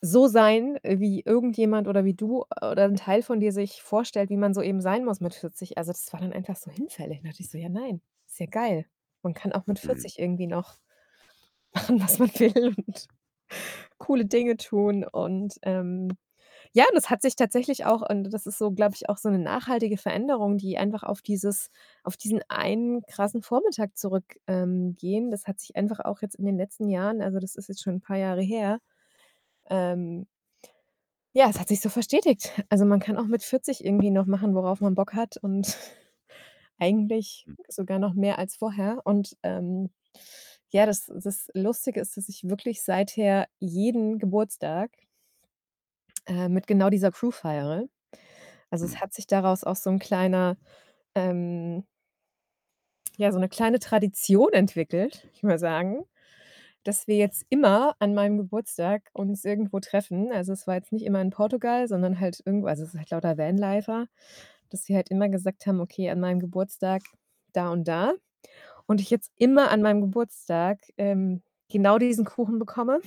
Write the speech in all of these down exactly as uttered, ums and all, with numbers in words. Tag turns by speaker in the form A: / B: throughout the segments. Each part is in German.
A: So sein, wie irgendjemand oder wie du, äh, oder ein Teil von dir sich vorstellt, wie man so eben sein muss mit vierzig, also, das war dann einfach so hinfällig. Da dachte ich so: „Ja nein, ist ja geil, man kann auch mit
B: Mhm.
A: vierzig irgendwie noch, machen, was man will und coole Dinge tun.“ Und, ähm ja, und das hat sich tatsächlich auch und das ist so, glaube ich, auch so 'ne nachhaltige Veränderung, die einfach auf dieses auf diesen einen krassen Vormittag zurück, ähm, gehen. Das hat sich einfach auch jetzt in den letzten Jahren also, das ist jetzt schon paar Jahre her, ähm ja, das hat sich so verstetigt. Also, man kann auch mit vierzig irgendwie noch machen, worauf man Bock hat und eigentlich
B: Hm.
A: sogar noch mehr als vorher und ähm, ja, das das Lustige ist, dass ich wirklich seither jeden Geburtstag äh, mit genau dieser Crew feiere. Also, es
B: Mhm.
A: hat sich daraus auch so 'n kleiner, ähm ja, so 'ne kleine Tradition entwickelt, würde ich mal sagen, dass wir jetzt immer an meinem Geburtstag uns irgendwo treffen. Also, es war jetzt nicht immer in Portugal, sondern halt irgendwo also, es sind halt lauter Vanlifer, dass wir halt immer gesagt haben: „Okay, an meinem Geburtstag da und da.“ Und ich jetzt immer an meinem Geburtstag, ähm, genau diesen Kuchen bekomme.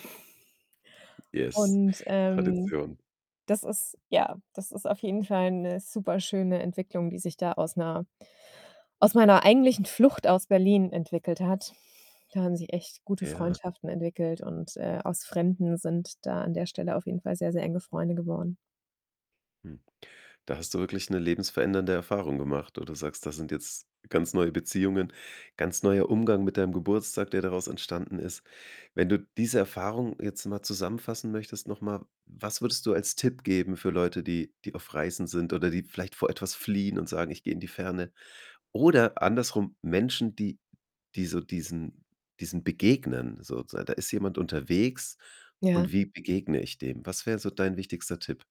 B: Yes,
A: Und, ähm,
B: Tradition.
A: das ist ja, das ist auf jeden Fall 'ne super schöne Entwicklung, die sich da aus 'ner aus meiner eigentlichen Flucht aus Berlin entwickelt hat. Da haben sich echt gute
B: Ja.
A: Freundschaften entwickelt und, äh, aus Fremden sind da an der Stelle auf jeden Fall sehr, sehr enge Freunde geworden.
B: Hm, da hast du wirklich 'ne lebensverändernde Erfahrung gemacht, wo du sagst: „Das sind jetzt ganz neue Beziehungen, ganz neuer Umgang mit deinem Geburtstag, der daraus entstanden ist.“ Wenn du diese Erfahrung jetzt mal zusammenfassen möchtest noch mal, was würdest du als Tipp geben für Leute, die die auf Reisen sind oder die vielleicht vor etwas fliehen und sagen: „Ich gehe in die Ferne.“ Oder andersrum Menschen, die die so diesen diesen begegnen sozusagen. Da ist jemand unterwegs
A: Ja.
B: und wie begegne ich dem? Was wäre so dein wichtigster Tipp?